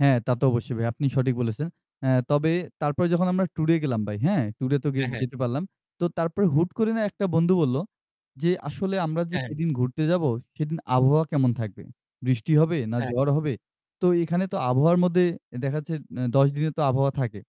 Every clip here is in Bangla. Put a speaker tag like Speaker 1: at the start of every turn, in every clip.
Speaker 1: হ্যাঁ, তা তো অবশ্যই ভাই, আপনি সঠিক বলেছেন। হ্যাঁ, তবে তারপরে যখন আমরা ট্যুর এ গেলাম ভাই, হ্যাঁ? ট্যুরে তো গে
Speaker 2: হ্যাঁ, হ্যাঁ।
Speaker 1: যেতে পারলাম। তো তারপরে হুট করে না একটা বন্ধু বলল যে, আসলে আমরা যে
Speaker 2: হ্যাঁ, হ্যাঁ।
Speaker 1: সেদিন ঘুরতে যাবো; সেদিন আবহাওয়া কেমন থাকবে? বৃষ্টি হবে না
Speaker 2: হ্যাঁ।
Speaker 1: ঝড় হবে? তো এখানে তো আবহাওয়ার মধ্যে দেখা যাচ্ছে অ্যা ১০ দিনে তো আবহাওয়া থাকে।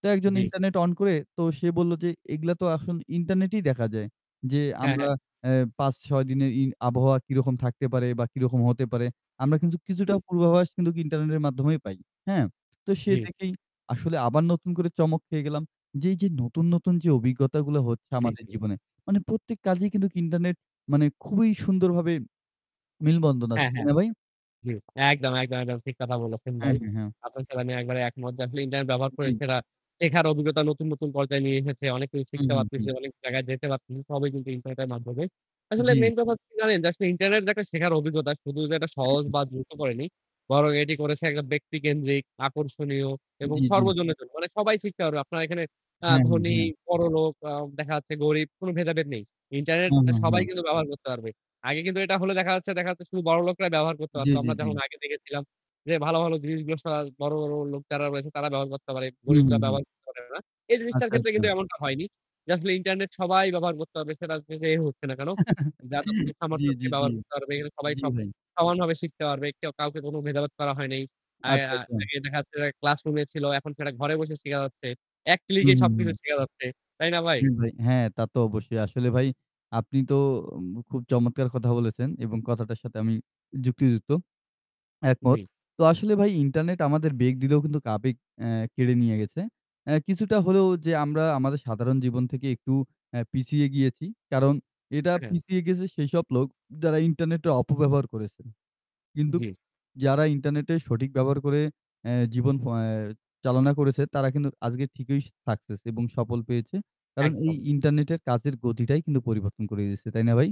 Speaker 1: তো একজন
Speaker 2: জি।
Speaker 1: ইন্টারনেট অন করে তো সে বলল যে, "এগুলো তো এইগুলা তো এখন ইন্টারনেটেই দেখা যায়।" যে
Speaker 2: হ্যাঁ, হ্যাঁ।
Speaker 1: আমরা অ্যা ৫-৬ দিনের ই আবহাওয়া কিরকম থাকতে পারে বা কিরকম হতে পারে। আমরা কিন্তু
Speaker 2: জি।
Speaker 1: কিছুটা পূর্বাভাস কিন্তু ইন্টারনেটের মাধ্যমেই পাই। হ্যাঁ? তো সে
Speaker 2: জি।
Speaker 1: দেখেই আসলে আবার নতুন করে চমক খেয়ে গেলাম যে, এই যে নতুন, নতুন যে অভিজ্ঞতাগুলো হচ্ছে
Speaker 2: জি,
Speaker 1: আমাদের
Speaker 2: জি।
Speaker 1: জীবনে। মানে প্রত্যেক কাজেই কিন্তু ইন্টারনেট মানে খুবই সুন্দরভাবে মিলবন্ধন আছে
Speaker 2: হ্যাঁ,
Speaker 1: তাই
Speaker 2: হ্যাঁ,
Speaker 1: না ভাই?
Speaker 2: জি একদম, একদম, একদম, ঠিক কথা বলেছেন
Speaker 1: হ্যাঁ,
Speaker 2: ভাই।
Speaker 1: হ্যাঁ, হ্যাঁ।
Speaker 2: আপনার সাথে আমি একেবারে একমত যে, আসলে ইন্টারনেট ব্যবহার করে
Speaker 1: জি।
Speaker 2: সেটা শেখার অভিজ্ঞতা নতুন, নতুন পর্যায়ে নিয়ে এসেছে। অনেক কিছু
Speaker 1: হু,
Speaker 2: শিখতে
Speaker 1: হু,
Speaker 2: পারতেছি,
Speaker 1: হু।
Speaker 2: অনেক জায়গায় যেতে পারতেছি। সবই কিন্তু ইন্টারনেটের মাধ্যমে। আসলে
Speaker 1: জি।
Speaker 2: মেইন ব্যাপার কি জানেন জাস্ট ইন্টারনেট যে শেখার অভিজ্ঞতা শুধু যে এটা
Speaker 1: হু,
Speaker 2: সহজ
Speaker 1: হুম।
Speaker 2: বা দ্রুত করেনি। বরং এটি করেছে একটা ব্যক্তিকেন্দ্রিক, আকর্ষণীয় এবং
Speaker 1: জি, জি।
Speaker 2: সর্বজনের জন্য। মানে সবাই শিখতে পারবে। আপনারা এখানে আ
Speaker 1: হ্যাঁ, হু,
Speaker 2: ধনী,
Speaker 1: হ্যাঁ।
Speaker 2: বড়লোক আ দেখা যাচ্ছে গরিব কোন ভেদাভেদ নেই। ইন্টারনেট
Speaker 1: হ্যাঁ, হ্যাঁ,
Speaker 2: সবাই
Speaker 1: হ্যাঁ।
Speaker 2: কিন্তু ব্যবহার করতে পারবে। আগে কিন্তু এটা হলে দেখা যাচ্ছে দেখা হচ্ছে শুধু বড়লোকরাই ব্যবহার করতে
Speaker 1: জি,
Speaker 2: পারত।
Speaker 1: জি,
Speaker 2: আমরা যেমন
Speaker 1: জি।
Speaker 2: আগে দেখেছিলাম যে, ভালো, ভালো জিনিসগুলো সব বড়, বড় লোক যারা রয়েছে তারা ব্যবহার করতে পারে।
Speaker 1: হুম,
Speaker 2: গরিবরা
Speaker 1: হুম, হুম।
Speaker 2: ব্যবহার করতে পারে না। এই জিনিসটার
Speaker 1: আচ্ছা,
Speaker 2: ক্ষেত্রে
Speaker 1: আচ্ছা।
Speaker 2: কিন্তু এমনটা হয়নি। যে আসলে ইন্টারনেট সবাই ব্যবহার করতে হবে। সেটা যে হোক না কেন; যার যতটুকু
Speaker 1: জি,
Speaker 2: সামর্থ্য আছে
Speaker 1: জি, জি,
Speaker 2: ব্যবহার করতে পারবে। সবাই
Speaker 1: জি, ভাই।
Speaker 2: সমানভাবে শিখতে পারবে। কেউ কাউকে কোন ভেদাভেদ করা হয় নাই। আ
Speaker 1: আচ্ছা,
Speaker 2: আ
Speaker 1: আচ্ছা।
Speaker 2: আগে দেখা যাচ্ছে ক্লাসরুমে ছিল এখন সেটা ঘরে বসে শিখা যাচ্ছে। ১
Speaker 1: হু,
Speaker 2: ক্লিকেই
Speaker 1: হু,
Speaker 2: সবকিছু
Speaker 1: হু।
Speaker 2: শিখা যাচ্ছে। তাই না ভাই?
Speaker 1: জি, ভাই। হ্যাঁ তা তো অবশ্যই আসলে ভাই, আপনি তো উম খুব চমৎকার কথা বলেছেন এবং কথাটার সাথে আমি যুক্তিযুক্ত, একমত।
Speaker 2: জি।
Speaker 1: তো আসলে ভাই ইন্টারনেট আমাদের বেগ দিলেও কিন্তু আবেগ অ্যা কেড়ে নিয়ে গেছে। অ্যা কিছুটা হলেও যে আমরা আমাদের সাধারণ জীবন থেকে একটু অ্যা পিছিয়ে গিয়েছি। কারণ এটা
Speaker 2: অ্যাঁ হ্যাঁ।
Speaker 1: পিছিয়ে গেছে সেইসব লোক যারা ইন্টারনেট টা অপব্যবহার করেছে। কিন্তু
Speaker 2: জি।
Speaker 1: যারা ইন্টারনেট সঠিক ব্যবহার অ্যা করে জীবন অ্যা চালনা করেছে তারা কিন্তু আজকে ঠিকই সাকসেস এবং সফল হয়েছে। কারণ এই
Speaker 2: একদম।
Speaker 1: ইন্টারনেটের কাজের গতিটাই কিন্তু পরিবর্তন করে দিয়েছে। তাই না ভাই?